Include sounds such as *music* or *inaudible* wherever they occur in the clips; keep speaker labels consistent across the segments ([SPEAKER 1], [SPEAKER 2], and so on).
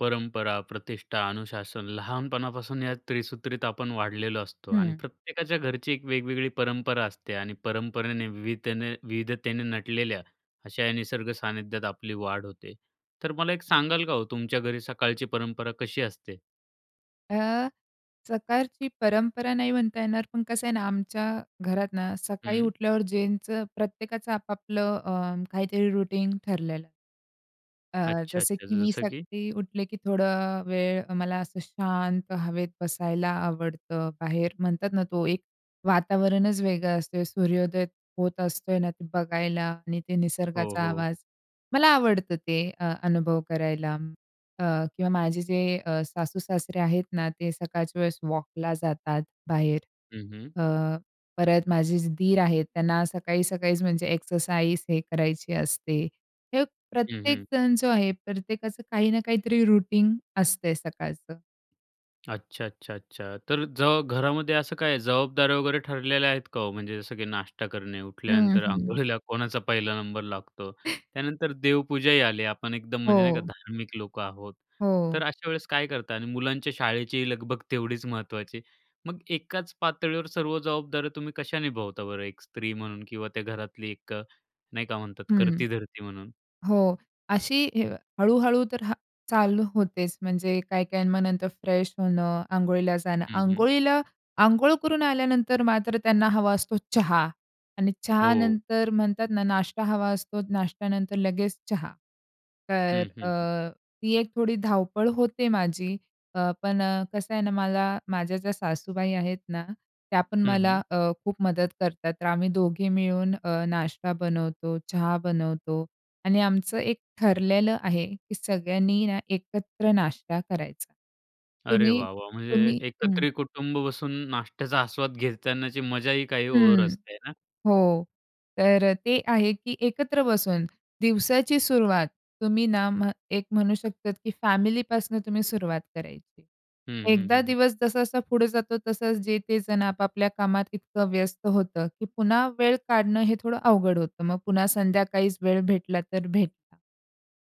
[SPEAKER 1] परंपरा, प्रतिष्ठा, अनुशासन लहानपणापासून या त्रिसूत्रीत आपण वाढलेलो असतो आणि
[SPEAKER 2] हं.
[SPEAKER 1] प्रत्येकाच्या घरची एक वेगवेगळी परंपरा असते. आणि परंपरेने विवितेने विविधतेने नटलेल्या अशा या निसर्ग सानिध्यात आपली वाढ होते. तर मला एक सांगाल का हो, तुमच्या घरी सकाळची परंपरा कशी असते?
[SPEAKER 2] अ, सकाळची परंपरा नाही म्हणता येणार, पण कसं आहे ना, आमच्या घरात ना सकाळी
[SPEAKER 1] हं.
[SPEAKER 2] उठल्यावर ज्याचं प्रत्येकाचं आपापलं अ, काहीतरी रुटीन ठरलेलं आहे. अ, जसं
[SPEAKER 1] अच्छा-अच्छा.
[SPEAKER 2] की
[SPEAKER 1] ज
[SPEAKER 2] मी
[SPEAKER 1] जसं की?
[SPEAKER 2] सकाळी उठले की थोडं वेळ मला असं शांत हवेत बसायला आवडतं. बाहेर म्हणतात ना, तो एक वातावरणच वेगळं असतय, सूर्योदय होत असतोय ना, ते बघायला आणि ते
[SPEAKER 1] हो,
[SPEAKER 2] निसर्गाचा
[SPEAKER 1] हो.
[SPEAKER 2] आवाज मला आवडतं ते अ, अनुभव करायला. अ, किंवा माझे जे अ, सासू-सासरे आहेत ना, ते सकाळच्या वेळेस वॉकला जातात बाहेर.
[SPEAKER 1] हं, हं.
[SPEAKER 2] अ, परत माझे जे दीर आहेत त्यांना सकाळी-सकाळीच म्हणजे एक्सरसाइज हे करायची असते. हे
[SPEAKER 1] हं, हं.
[SPEAKER 2] प्रत्येकजण जो आहे, प्रत्येकाचं काही ना काहीतरी रुटीन असतंय सकाळचं.
[SPEAKER 1] अच्छा, अच्छा, अच्छा. तर जव घरामध्ये असं काय जबाबदाऱ्या वगैरे ठरलेल्या आहेत का ओ? म्हणजे जसं की, नाश्ता करणे
[SPEAKER 2] हं,
[SPEAKER 1] उठल्यानंतर
[SPEAKER 2] हं.
[SPEAKER 1] अंघोळीला कोणाचा पहिला नंबर लागतो त्यानंतर देवपूजाही आली आपण एकदम म्हणजे नाही का
[SPEAKER 2] हो.
[SPEAKER 1] धार्मिक लोकं आहोत.
[SPEAKER 2] हो.
[SPEAKER 1] तर अशा वेळेस काय करता आणि मुलांच्या शाळेची लगबग तेवढीच महत्त्वाची मग एकाच पातळीवर सर्व जबाबदार तुम्ही कशा निभवता बरं एक स्त्री म्हणून किंवा त्या घरातली एक अ, नाही का म्हणतात
[SPEAKER 2] हं.
[SPEAKER 1] करती-धरती म्हणून?
[SPEAKER 2] हो अशी अ, हळू-हळू तर हां, चालू होतेच, म्हणजे काही काही मग नंतर फ्रेश होणं, अंघोळीला जाणं,
[SPEAKER 1] हं, हं.
[SPEAKER 2] अंघोळीला अंघोळ करून आल्यानंतर मात्र त्यांना हवा असतो चहा आणि चहा
[SPEAKER 1] हो.
[SPEAKER 2] नंतर म्हणतात ना, नाष्टा हवा असतो नाश्त्यानंतर लगेच चहा. तर
[SPEAKER 1] हं, हं, हं.
[SPEAKER 2] अ, ती एक थोडी धावपळ होते माझी अ, पण अ, कसं आहे ना, मला माझ्या ज्या सासूबाई आहेत ना, त्या पण
[SPEAKER 1] हं,
[SPEAKER 2] मला
[SPEAKER 1] हं.
[SPEAKER 2] अ, खूप मदत करतात तर आम्ही दोघे मिळून अ, नाश्ता बनवतो चहा बनवतो आणि आमचं एक ठरलेलं आहे की सगळ्यांनी ना, एकत्र नाश्ता करायचा
[SPEAKER 1] अरे
[SPEAKER 2] तुम्ही,
[SPEAKER 1] वाह वाह म्हणजे
[SPEAKER 2] तुम्ही हं.
[SPEAKER 1] एकत्रित कुटुंब बसून नाश्त्याचा आस्वाद घेतानाची मजाही काही और
[SPEAKER 2] हं,
[SPEAKER 1] असते ना.
[SPEAKER 2] हो. तर अ, ते आहे की एकत्र बसून दिवसाची सुरुवात तुम्ही ना, एक म्हणू शकतात की फॅमिली पासनं तुम्ही सुरुवात करायची.
[SPEAKER 1] हं, हं,
[SPEAKER 2] एकदा
[SPEAKER 1] हं, हं.
[SPEAKER 2] दिवस जसा-जसा पुढे जातो तसं जे ते जण आपापल्या कामात इतकं व्यस्त होतं की पुन्हा वेळ काढणं हे थोडं अवघड होतं मग पुन्हा संध्याकाळीच वेळ भेटला तर भेटला.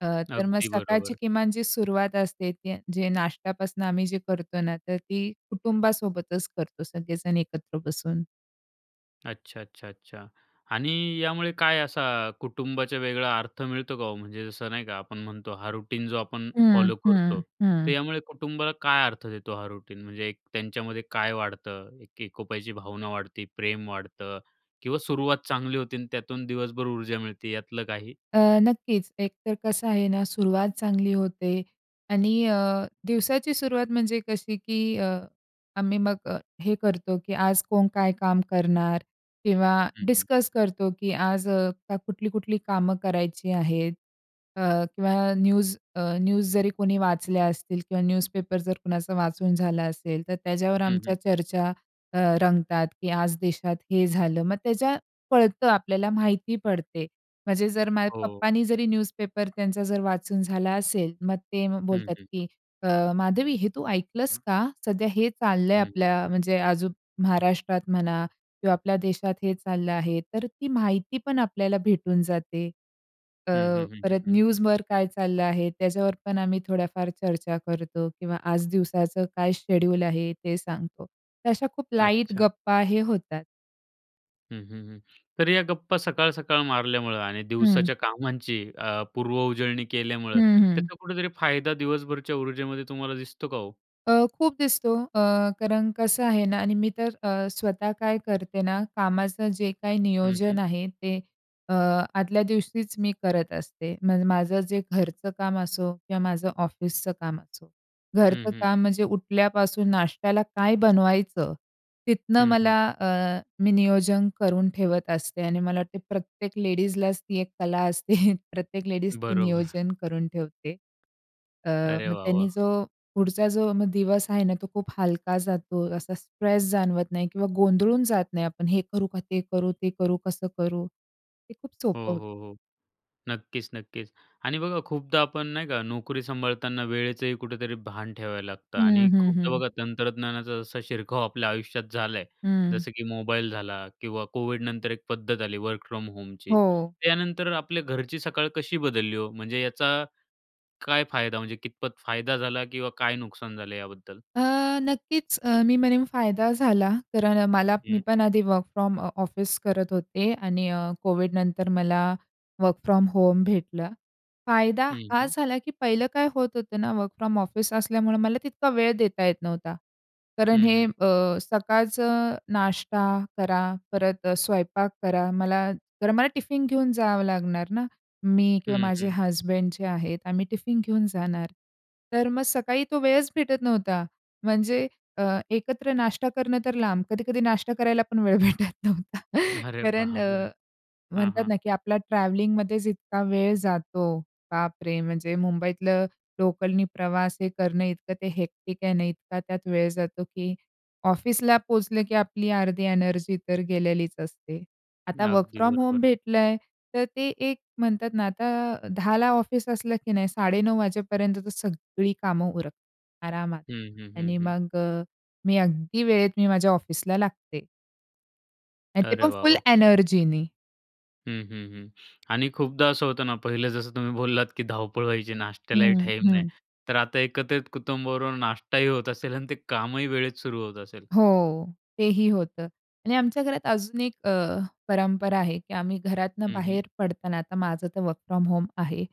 [SPEAKER 2] अ, तर मग
[SPEAKER 1] अगदी
[SPEAKER 2] सकाळची
[SPEAKER 1] बरोबर.
[SPEAKER 2] किमान जी सुरुवात असते ती जे नाश्त्यापासून आम्ही जे करतो ना, तर ती कुटुंबासोबतच करतो सगळेजण एकत्र बसून.
[SPEAKER 1] अच्छा, अच्छा, अच्छा. आणि यामुळे काय असा कुटुंबाचा वेगळा अर्थ मिळतो का हो म्हणजे जसं नाही का आपण म्हणतो हा रुटीन जो आपण
[SPEAKER 2] हं,
[SPEAKER 1] फॉलो करतो,
[SPEAKER 2] हं,
[SPEAKER 1] तर
[SPEAKER 2] हं.
[SPEAKER 1] यामुळे कुटुंबाला काय अर्थ देतो हा रुटीन म्हणजे त्यांच्यामध्ये काय वाढतं एक एकोपाची भावना वाढते, प्रेम वाढतं किंवा सुरुवात चांगली होती आणि त्यातून दिवसभर ऊर्जा मिळते यातलं काही?
[SPEAKER 2] अ, नक्कीच एकतर कसं आहे ना, सुरुवात चांगली होते आणि अ, दिवसाची सुरुवात म्हणजे कशी की अ, आम्ही मग अ, हे करतो की आज कोण काय काम करणार किंवा
[SPEAKER 1] हं, हं.
[SPEAKER 2] डिस्कस करतो की आज कुठली कुठली कामं करायची आहेत अ, किंवा न्यूज अ, न्यूज जरी कोणी वाचल्या असतील किंवा न्यूजपेपर जर कुणाचा वाचून झाला असेल तर त्याच्यावर
[SPEAKER 1] हं,
[SPEAKER 2] आमच्या
[SPEAKER 1] हं.
[SPEAKER 2] चर्चा अ, रंगतात की आज देशात हे झालं. मग त्याच्यात आपल्याला माहिती पडते. म्हणजे जर माझ्या
[SPEAKER 1] हो.
[SPEAKER 2] पप्पानी जरी न्यूजपेपर त्यांचा जर वाचून झाला असेल, मग ते
[SPEAKER 1] हं,
[SPEAKER 2] बोलतात
[SPEAKER 1] हं.
[SPEAKER 2] की अ, "माधवी हे तू ऐकलंस का? सध्या हे चाललंय
[SPEAKER 1] हं, हं.
[SPEAKER 2] आपल्या म्हणजे अजून महाराष्ट्रात म्हणा किंवा आपल्या देशात हे चाललं आहे." तर ती माहिती पण आपल्याला भेटून जाते. अ,
[SPEAKER 1] हं, हं, हं, हं,
[SPEAKER 2] परत
[SPEAKER 1] हं.
[SPEAKER 2] न्यूजवर काय चाललं आहे, त्याच्यावर पण आम्ही थोड्याफार चर्चा करतो किंवा आज दिवसाचं काय शेड्यूल आहे, ते सांगतो. तर अश्या खूप लाईट
[SPEAKER 1] अच्छा.
[SPEAKER 2] गप्पा हे होतात.
[SPEAKER 1] हं, हं, हं. तरी या गप्पा सकाळ-सकाळ मारल्यामुळे आणि
[SPEAKER 2] हं.
[SPEAKER 1] दिवसाच्या कामांची अ, पूर्व उजळणी केल्यामुळे
[SPEAKER 2] हं, हं.
[SPEAKER 1] त्याचा कुठेतरी फायदा दिवसभरच्या ऊर्जेमध्ये तुम्हाला दिसतो का ओ?
[SPEAKER 2] अ, खूप दिसतो. अ, कारण कसं आहे ना आणि मी तर अ, स्वतः काय करते ना कामाचं जे काही
[SPEAKER 1] हं, हं.
[SPEAKER 2] नियोजन आहे ते अ, आदल्या दिवशीच मी करत असते. मग माझं जे घरचं काम असो किंवा माझं ऑफिसचं काम असो.
[SPEAKER 1] हं,
[SPEAKER 2] घरचं
[SPEAKER 1] हं.
[SPEAKER 2] काम म्हणजे उठल्यापासून नाश्त्याला काय बनवायचं, तिथनं
[SPEAKER 1] हं, हं.
[SPEAKER 2] मला अ, मी नियोजन करून ठेवत असते आणि मला वाटते प्रत्येक लेडीजलाच ती एक कला असते. प्रत्येक लेडीज ती
[SPEAKER 1] बरोबर.
[SPEAKER 2] नियोजन करून ठेवते. अ,
[SPEAKER 1] अरे
[SPEAKER 2] मग
[SPEAKER 1] वाह! वाह!
[SPEAKER 2] त्यांनी जो पुढचा जो मग दिवस आहे ना तो खूप हलका जातो. असा स्ट्रेस जाणवत नाही किंवा गोंधळून जात नाही आपण. हे करू का ते करू? ते करू? कसं करू? हे खूप
[SPEAKER 1] हो,
[SPEAKER 2] सोपं होतं.
[SPEAKER 1] हो, हो. नक्कीच, नक्कीच आणि बघा खूपदा आपण नाही का नोकरी सांभाळताना वेळेचंही कुठेतरी भान ठेवायला लागतं.
[SPEAKER 2] हं,
[SPEAKER 1] आणि
[SPEAKER 2] हं,
[SPEAKER 1] खूपदा
[SPEAKER 2] हं.
[SPEAKER 1] बघा तंत्रज्ञानाचा जसा शिरकाव आपल्या आयुष्यात झाला आहे,
[SPEAKER 2] हं.
[SPEAKER 1] जसं की मोबाईल झाला किंवा कोविडनंतर एक पद्धत आली वर्क फ्रॉम होमची.
[SPEAKER 2] हो.
[SPEAKER 1] त्यानंतर आपल्या घरची सकाळ कशी बदलली ओ? म्हणजे याचा काय फायदा म्हणजे कितपत फायदा झाला किंवा काय नुकसान झालं याबद्दल?
[SPEAKER 2] अ, नक्कीच अ, मी म्हणेन फायदा झाला. तर मला मी
[SPEAKER 1] हं.
[SPEAKER 2] पण आधी वर्क फ्रॉम ऑफिस करत होते आणि अ, कोविडनंतर मला वर्क फ्रॉम होम भेटलं. फायदा
[SPEAKER 1] हं,
[SPEAKER 2] हा
[SPEAKER 1] हं.
[SPEAKER 2] झाला की पहिलं काय होत होतं ना वर्क फ्रॉम ऑफिस असल्यामुळं मला तितका वेळ देता येत नव्हता. कारण
[SPEAKER 1] हं,
[SPEAKER 2] हे
[SPEAKER 1] हं.
[SPEAKER 2] अ, सकाळचं नाष्टा करा, परत अ, स्वयंपाक करा. मला तर मला टिफिन घेऊन जावं लागणार ना. मी किंवा
[SPEAKER 1] हं,
[SPEAKER 2] माझे
[SPEAKER 1] हं.
[SPEAKER 2] हसबंड जे आहेत आम्ही टिफिन घेऊन जाणार. तर मग सकाळी तो वेळच भेटत नव्हता. म्हणजे अ, एकत्र नाष्टा करणं तर लांब. कधी-कधी नाष्टा करायला पण वेळ भेटत नव्हता.
[SPEAKER 1] अरे
[SPEAKER 2] कारण
[SPEAKER 1] बापरे!
[SPEAKER 2] अ,
[SPEAKER 1] हां,
[SPEAKER 2] म्हणतात
[SPEAKER 1] हां.
[SPEAKER 2] ना की आपला ट्रॅव्हलिंगमध्येच इतका वेळ जातो, बापरे! म्हणजे मुंबईतल्या लोकलनी प्रवास हे करणं इतकं ते हेक्टिक आहे ना, इतका त्यात वेळ जातो की ऑफिसला पोचलं की आपली अर्धी एनर्जी तर गेलेलीच असते. आता वर्क
[SPEAKER 1] अगदी
[SPEAKER 2] फ्रॉम होम
[SPEAKER 1] बरोबर.
[SPEAKER 2] भेटलंय तर ते एक म्हणतात ना आता 10:00ला ऑफिस असलं की नाही 9:30 वाजेपर्यंत तर सगळी कामं उरकतात आरामात.
[SPEAKER 1] हं, हं, हं,
[SPEAKER 2] आणि
[SPEAKER 1] हं.
[SPEAKER 2] मग अ, मी अगदी वेळेत मी माझ्या ऑफिसला लागते. आणि ते
[SPEAKER 1] अरे
[SPEAKER 2] पण
[SPEAKER 1] वाह,
[SPEAKER 2] फुल
[SPEAKER 1] वाह!
[SPEAKER 2] एनर्जीने.
[SPEAKER 1] हं, हं, हं. आणि खूपदा असं होतं ना पहिलं जसं तुम्ही बोललात, की धावपळ व्हायची नाश्त्यालाही
[SPEAKER 2] हं,
[SPEAKER 1] टाईम नाही.
[SPEAKER 2] हं.
[SPEAKER 1] तर आता एकत्रित कुटुंबाबरोबर नाश्ता ही होत असेल आणि ते कामही वेळेत सुरू होत असेल.
[SPEAKER 2] हो. तेही होतं. आणि आमच्या घरात अजून एक अ, परंपरा आहे की आम्ही घरातनं
[SPEAKER 1] हं, हं.
[SPEAKER 2] बाहेर पडताना आता माझं तर वर्क फ्रॉम होम आहे.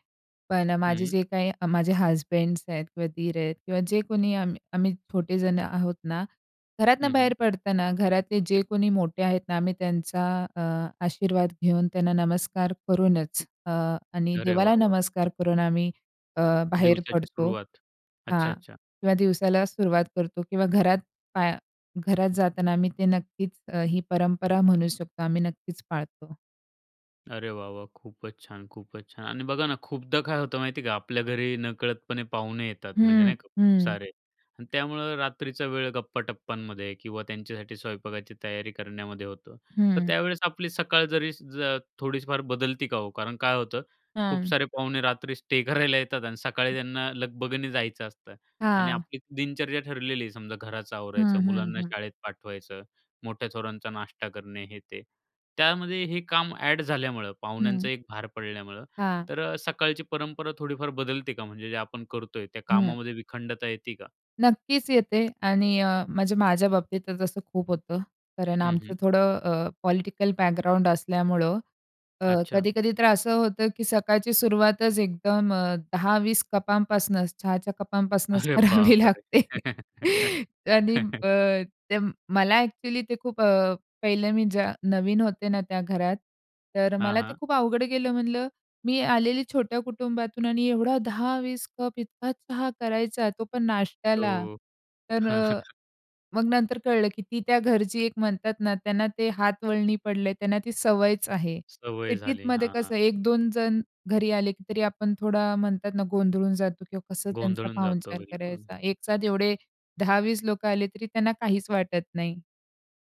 [SPEAKER 2] पण माझे
[SPEAKER 1] हं.
[SPEAKER 2] जे काही माझे हसबँड्स आहेत किंवा दीर आहेत किंवा जे कोणी आम्ही आम्ही छोटे जण आहोत ना,
[SPEAKER 1] हं,
[SPEAKER 2] घरातनं बाहेर
[SPEAKER 1] हं.
[SPEAKER 2] पडताना घरातले जे कोणी मोठे आहेत ना आम्ही त्यांचा अ, आशीर्वाद घेऊन त्यांना नमस्कार करूनच अ, आणि
[SPEAKER 1] अरे
[SPEAKER 2] देवाला
[SPEAKER 1] वाह, वाह!
[SPEAKER 2] नमस्कार करून आम्ही अ, बाहेर
[SPEAKER 1] दिवसाची
[SPEAKER 2] पडतो
[SPEAKER 1] सुरुवात. अच्छा,
[SPEAKER 2] हां.
[SPEAKER 1] अच्छा.
[SPEAKER 2] किंवा दिवसाला सुरुवात करतो किंवा घरात पाया घरात जाताना आम्ही ते नक्कीच ही परंपरा म्हणू शकतो आम्ही नक्कीच पाळतो.
[SPEAKER 1] अरे वाह, वाह! खूपच छान, खूपच छान. आणि बघा ना खूपदा काय होतं माहिती आहे का, आपल्या घरी नकळतपणे पाहुणे येतात. म्हणजे
[SPEAKER 2] हं,
[SPEAKER 1] नाही का खूप
[SPEAKER 2] हं.
[SPEAKER 1] सारे त्यामुळं रात्रीचा वेळ गप्पा-टप्पांमध्ये किंवा त्यांच्यासाठी स्वयंपाकाची तयारी करण्यामध्ये होतं. तर
[SPEAKER 2] हं.
[SPEAKER 1] त्यावेळेस आपली सकाळ जरी ज थोडीफार जर बदलती का हो? कारण काय होतं खूप
[SPEAKER 2] हं.
[SPEAKER 1] सारे पाहुणे रात्री स्टे करायला येतात आणि सकाळी त्यांना लगबगने जायचं असतं आणि
[SPEAKER 2] हां.
[SPEAKER 1] आपली दिनचर्या ठरलेली आहे, समजा घराचं आवरायचं,
[SPEAKER 2] हं, हं,
[SPEAKER 1] मुलांना
[SPEAKER 2] हं.
[SPEAKER 1] शाळेत पाठवायचं, मोठ्या थोरांचा नाष्टा करणे, हे, ते. त्यामध्ये हे काम ॲड झाल्यामुळं पाहुण्यांचा
[SPEAKER 2] हं.
[SPEAKER 1] एक भार पडल्यामुळं,
[SPEAKER 2] हां.
[SPEAKER 1] तर अ, सकाळची परंपरा थोडीफार बदलते का? म्हणजे जे आपण करतोय त्या
[SPEAKER 2] हं.
[SPEAKER 1] कामामध्ये विखंडता येते का?
[SPEAKER 2] नक्कीच येते आणि अ, म्हणजे माझ्या बाबतीतच असं खूप होतं. कारण
[SPEAKER 1] हं,
[SPEAKER 2] आमचं
[SPEAKER 1] हं.
[SPEAKER 2] थोडं अ, पॉलिटिकल बॅकग्राऊंड असल्यामुळं अ,
[SPEAKER 1] अच्छा.
[SPEAKER 2] कधी-कधी तर असं होतं की सकाळची सुरुवातच एकदम अ, 10-20 कपांपासनच चहाच्या कपांपासनच
[SPEAKER 1] अरे
[SPEAKER 2] करावी
[SPEAKER 1] बापरे!
[SPEAKER 2] लागते. आणि
[SPEAKER 1] *laughs*
[SPEAKER 2] अ, ते मला एक्चुअली ते खूप अ, पहिलं मी ज नवीन होते ना त्या घरात तर
[SPEAKER 1] हां,
[SPEAKER 2] मला ते
[SPEAKER 1] हां.
[SPEAKER 2] खूप अवघड गेलं म्हणलं, "मी आलेली छोट्या कुटुंबातून आणि एवढा 10-20 कप इतका चहा करायचा. तो पण नाश्त्याला".
[SPEAKER 1] ओ.
[SPEAKER 2] तर अ,
[SPEAKER 1] *chuckles*
[SPEAKER 2] मग नंतर कळलं की ती त्या घरची एक म्हणतात ना, त्यांना ते हातवळणी पडलंय त्यांना ती सवयच आहे.
[SPEAKER 1] सवय झाली.
[SPEAKER 2] सिटीतमध्ये
[SPEAKER 1] हां.
[SPEAKER 2] कसं एक दोन जण घरी आले, तरी आपण थोडा म्हणतात ना गोंधळून जातो किंवा कसं त्यांचा
[SPEAKER 1] गोंधळून जातो
[SPEAKER 2] पाहुणचार
[SPEAKER 1] बिलकुल.
[SPEAKER 2] करायचा. एक साथ एवढे 10-20 लोकं आले तरी त्यांना काहीच वाटत नाही.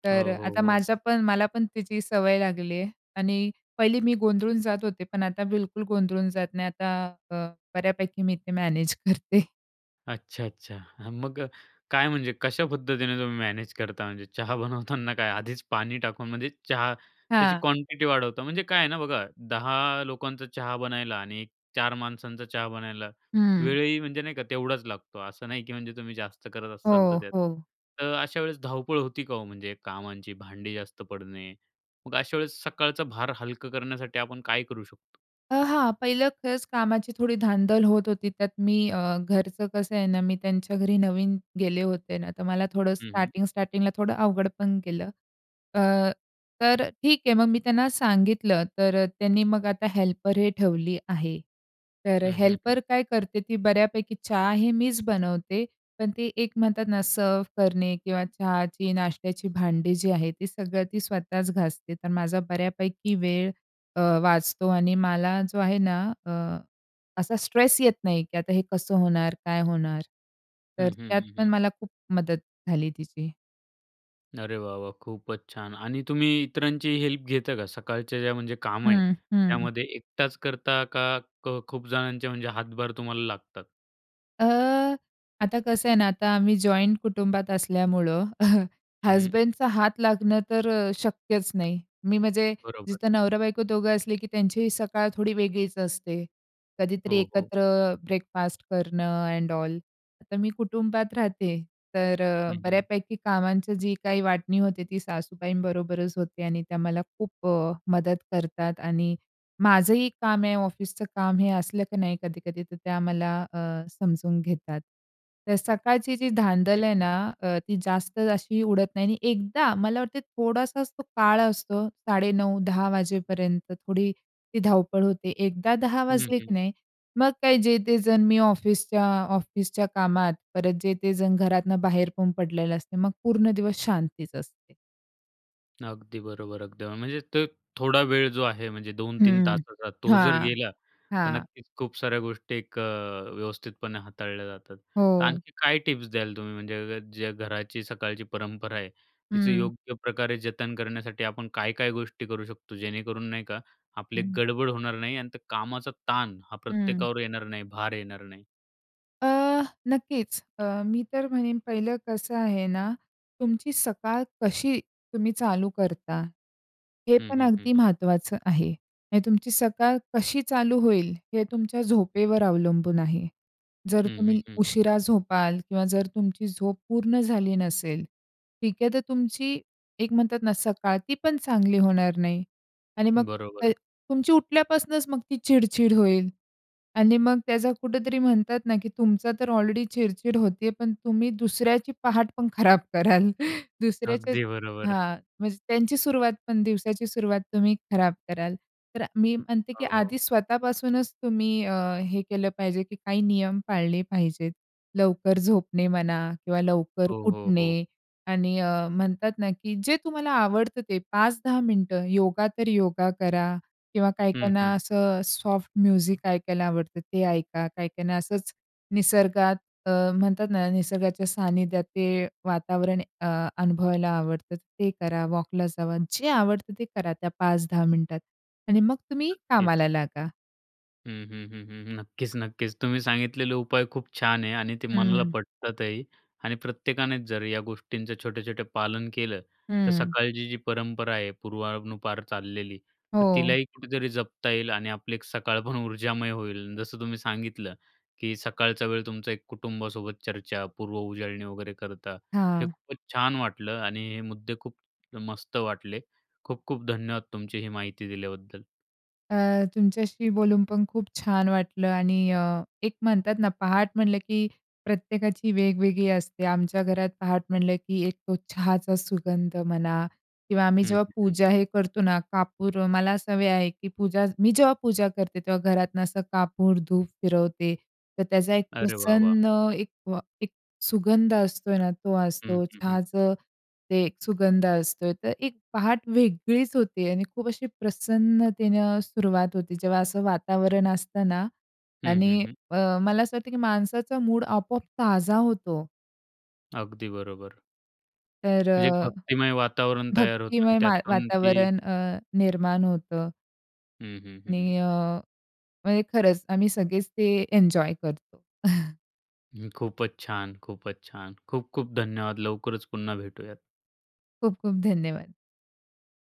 [SPEAKER 2] तर अ,
[SPEAKER 1] हो, हो,
[SPEAKER 2] आता
[SPEAKER 1] हो.
[SPEAKER 2] माझ्या पण मला पण तिची सवय लागलीआहे आणि पहिली मी गोंधळून जात होते, पण आता बिलकुल गोंधळून जात नाही. आता अ, बऱ्यापैकी मी ते मॅनेज करते.
[SPEAKER 1] अच्छा, अच्छा. हं मग अ, काय म्हणजे, कशा पद्धतीने तुम्ही मॅनेज करता? म्हणजे चहा बनवताना काय आधीच पाणी टाकून, म्हणजे चहा त्याची
[SPEAKER 2] हां.
[SPEAKER 1] क्वांटिटी वाढवता म्हणजे काय आहे ना बघा 10 लोकांचा चहा बनायला आणि 4 माणसांचा चहा बनायला
[SPEAKER 2] हं.
[SPEAKER 1] वेळही म्हणजे नाही का तेवढाच लागतो. असं नाही की म्हणजे तुम्ही जास्त करत असाल
[SPEAKER 2] हो,
[SPEAKER 1] तर त्यात
[SPEAKER 2] हो.
[SPEAKER 1] तर अशा वेळेस धावपळ होती का हो? म्हणजे कामांची भांडी जास्त पडणे. मग अशा वेळेस सकाळचा भार हलकं करण्यासाठी आपण काय करू शकतो?
[SPEAKER 2] आह, हां. पहिलं खरंच कामाची थोडी धांदल होत होती त्यात मी अ, घरचं कसं आहे ना, मी त्यांच्या घरी नवीन गेले होते ना तर मला थोडं
[SPEAKER 1] हं, हं.
[SPEAKER 2] स्टार्टिंग, स्टार्टिंगला थोडं अवघड पण गेलं. अ, तर अ, ठीक आहे मग मी त्यांना सांगितलं तर अ, त्यांनी मग आता हेल्परही ठेवली आहे. तर
[SPEAKER 1] हं, हं,
[SPEAKER 2] हेल्पर
[SPEAKER 1] हं.
[SPEAKER 2] काय करते, ती बऱ्यापैकी चहा हे मीच बनवते पण ते एक म्हणतात ना सर्व्ह करणे किंवा चहाची नाश्त्याची भांडी जी आहे ती सगळं ती स्वतःच घासते तर माझा बऱ्यापैकी वेळ अ, वाचतो आणि मला जो आहे ना अ, असा स्ट्रेस येत नाही, की आता हे कसं होणार काय होणार तर
[SPEAKER 1] हं, हं,
[SPEAKER 2] त्यात
[SPEAKER 1] हं, हं.
[SPEAKER 2] पण मला खूप मदत झाली तिची.
[SPEAKER 1] अरे वाह, वाह! खूपच छान आणि तुम्ही इतरांची हेल्प घेता का, सकाळच्या ज्या म्हणजे काम आहे
[SPEAKER 2] हं, हं.
[SPEAKER 1] त्यामध्ये एकटाच करता का क खूप जणांचे म्हणजे हातभार तुम्हाला लागतात?
[SPEAKER 2] अ, आता कसं आहे ना आता आम्ही जॉइंट कुटुंबात असल्यामुळं *chuckles*
[SPEAKER 1] हं, हं.
[SPEAKER 2] हसबँडचा हात लागणं तर अ, शक्यच नाही. मी म्हणजे
[SPEAKER 1] बरोबर.
[SPEAKER 2] जिथं नवरा-बायको दोघं असले की त्यांचीही सकाळ थोडी वेगळीच असते. कधीतरी
[SPEAKER 1] हो, हो.
[SPEAKER 2] एकत्र ब्रेकफास्ट करणं एंड ऑल तर मी कुटुंबात राहते, तर अ,
[SPEAKER 1] हं, हं.
[SPEAKER 2] बऱ्यापैकी कामांची जी काही वाटणी होते, ती सासूबाईंबरोबरच होते आणि त्या मला खूप अ, मदत करतात आणि माझंही काम आहे ऑफिसच काम, हे असलं की नाही कधी-कधी तर त्या मला अ, समजून घेतात. तर सकाळची जी
[SPEAKER 1] हं,
[SPEAKER 2] धांदल आहे
[SPEAKER 1] हं.
[SPEAKER 2] ना, अ, ती जास्त अशी उडत नाही आणि एकदा मला वाटत थोडासाच तो काळ असतो 9.30-10.00 वाजेपर्यंत थोडी ती धावपळ होते एकदा 10:00
[SPEAKER 1] हं,
[SPEAKER 2] वाजली
[SPEAKER 1] हं.
[SPEAKER 2] की नाही मग काही जे, ते जण मी ऑफिसच्या ऑफिसच्या कामात परत जे ते जण घरातनं बाहेर पण पडलेले असते, मग पूर्ण दिवस शांतीच असते.
[SPEAKER 1] अगदी बरोबर अगदी. म्हणजेच ते थोडा वेळ जो आहे म्हणजे 2-3
[SPEAKER 2] हं.
[SPEAKER 1] तासाचा, तो जर
[SPEAKER 2] हां,
[SPEAKER 1] गेला तर
[SPEAKER 2] हां.
[SPEAKER 1] नक्कीच खूप साऱ्या गोष्टी एक अ, व्यवस्थितपणे हाताळल्या जातात. तर
[SPEAKER 2] हो.
[SPEAKER 1] आणखी काय टिप्स द्याल तुम्ही म्हणजे ज्या घराची सकाळची परंपरा आहे तिचं
[SPEAKER 2] हं.
[SPEAKER 1] योग्य प्रकारे जतन करण्यासाठी आपण काय-काय गोष्टी करू शकतो? जेणेकरून नाही का, आपले
[SPEAKER 2] हं.
[SPEAKER 1] गडबड होणार नाही आणि त्या कामाचा ताण हा
[SPEAKER 2] हं.
[SPEAKER 1] प्रत्येकावर येणार नाही. भार येणार नाही?
[SPEAKER 2] अ, नक्कीच अ, मी तर म्हणेन पहिलं कसं आहे ना, तुमची सकाळ कशी तुम्ही चालू करता? हे
[SPEAKER 1] हं,
[SPEAKER 2] पण
[SPEAKER 1] हं, हं,
[SPEAKER 2] अगदी
[SPEAKER 1] हं.
[SPEAKER 2] महत्त्वाचं आहे. म्हणजे तुमची सकाळ कशी चालू होईल हे तुमच्या झोपेवर अवलंबून आहे. जर
[SPEAKER 1] हं, हं,
[SPEAKER 2] तुम्ही
[SPEAKER 1] हं, हं.
[SPEAKER 2] उशिरा झोपाल किंवा जर तुमची झोप पूर्ण झाली नसेल, ठीक आहे तर तुमची एक म्हणतात ना सकाळ ती पण चांगली होणार नाही आणि मग त
[SPEAKER 1] बरोबर.
[SPEAKER 2] तुमची उठल्यापासनंच मग ती चिड-चिड होईल आणि मग त्याचा कुठेतरी म्हणतात ना की तुमचा तर ऑलरेडी चिड-चिड होतेय पण तुम्ही दुसऱ्याची पहाट पण खराब कराल. *chuckles* दुसऱ्याचे
[SPEAKER 1] अगदी बरोबर.
[SPEAKER 2] हां. म्हणजे त्यांची सुरुवात पण दिवसाची सुरुवात तुम्ही खराब कराल. तर मी म्हणते की
[SPEAKER 1] हो, हो.
[SPEAKER 2] आधी स्वतःपासूनच तुम्ही अ, हे केलं पाहिजे की काही नियम पाळले पाहिजेत. लवकर झोपणे म्हणा किंवा लवकर
[SPEAKER 1] हो, हो, हो.
[SPEAKER 2] उठणे आणि अ, म्हणतात ना की जे तुम्हाला आवडतं ते 5-10 मिनिटं योगा तर योगा करा किंवा काही
[SPEAKER 1] हं, हं.
[SPEAKER 2] काहीना असं सॉफ्ट म्युझिक ऐकायला आवडतं ते ऐका. काही काहीना असंच निसर्गात अ, म्हणतात ना निसर्गाच्या सानिध्यात ते वातावरण अ, अनुभवायला आवडतं ते करा, वॉकला जावा. जे आवडतं ते करा त्या 5-10 मिनिटात आणि मग तुम्ही कामाला
[SPEAKER 1] नक्कीच.
[SPEAKER 2] लागा.
[SPEAKER 1] हं, हं, हं, हं, हं. नक्कीच, नक्कीच. तुम्ही सांगितलेले उपाय खूप छान आहे आणि ते मनाला
[SPEAKER 2] हं.
[SPEAKER 1] पटतातही आणि प्रत्येकानेच जर या गोष्टींचं छोट्या-छोट्या पालन केलं, तर
[SPEAKER 2] हं.
[SPEAKER 1] सकाळची जी परंपरा आहे पूर्वानुपार चाललेली, तर
[SPEAKER 2] हो.
[SPEAKER 1] तिलाही कुठेतरी जपता येईल आणि आपली एक सकाळ पण ऊर्जामय होईल. जसं तुम्ही सांगितलं, की सकाळचा वेळ तुमचं एक कुटुंबासोबत चर्चा, पूर्व उजाळणी वगैरे करता, हे
[SPEAKER 2] हां.
[SPEAKER 1] खूपच छान वाटलं आणि हे मुद्दे खूप मस्त वाटले. खूप खूप धन्यवाद तुमची ही माहिती दिल्याबद्दल.
[SPEAKER 2] अ, तुमच्याशी बोलून पण खूप छान वाटलं आणि अ, एक म्हणतात ना पहाट म्हंटलं की प्रत्येकाची वेगवेगळी असते. आमच्या घरात पहाट म्हटलं की एक तो चहाचा सुगंध म्हणा किंवा आम्ही
[SPEAKER 1] हं,
[SPEAKER 2] जेव्हा
[SPEAKER 1] हं, हं.
[SPEAKER 2] पूजा हे करतो ना कापूर, मला सवय आहे की पूजा मी जेव्हा पूजा करते तेव्हा घरातनं असा कापूर धूप फिरवते. तर त्याचा एक
[SPEAKER 1] अरे वाह! वाह!
[SPEAKER 2] प्रसन्न एक व एक सुगंध असतोय ना तो
[SPEAKER 1] हं,
[SPEAKER 2] असतो.
[SPEAKER 1] हं, हं.
[SPEAKER 2] चहाचं ते एक सुगंध असतो. तर एक पहाट वेगळीच होते आणि खूप अशी प्रसन्नतेनं सुरुवात होते. जेव्हा असं वातावरण असतं ना
[SPEAKER 1] हं, हं,
[SPEAKER 2] आणि
[SPEAKER 1] हं.
[SPEAKER 2] अ, मला असं वाटतं की माणसाचा मूड आपोआप ताजा होतो.
[SPEAKER 1] अगदी बरोबर.
[SPEAKER 2] तर
[SPEAKER 1] जे एक
[SPEAKER 2] अ,
[SPEAKER 1] भक्तिमय वातावरण तयार होतं आणि
[SPEAKER 2] भक्तिमय मा
[SPEAKER 1] त्यातून ती
[SPEAKER 2] वातावरण अ, निर्माण होतं.
[SPEAKER 1] हं, हं, हं.
[SPEAKER 2] आणि अ, म्हणजे खरंच आम्ही सगळेच ते एन्जॉय करतो. *chuckles*
[SPEAKER 1] हं खूपच छान, खूपच छान. खूप खूप धन्यवाद लवकरच पुन्हा भेटूयात.
[SPEAKER 2] खूप खूप धन्यवाद.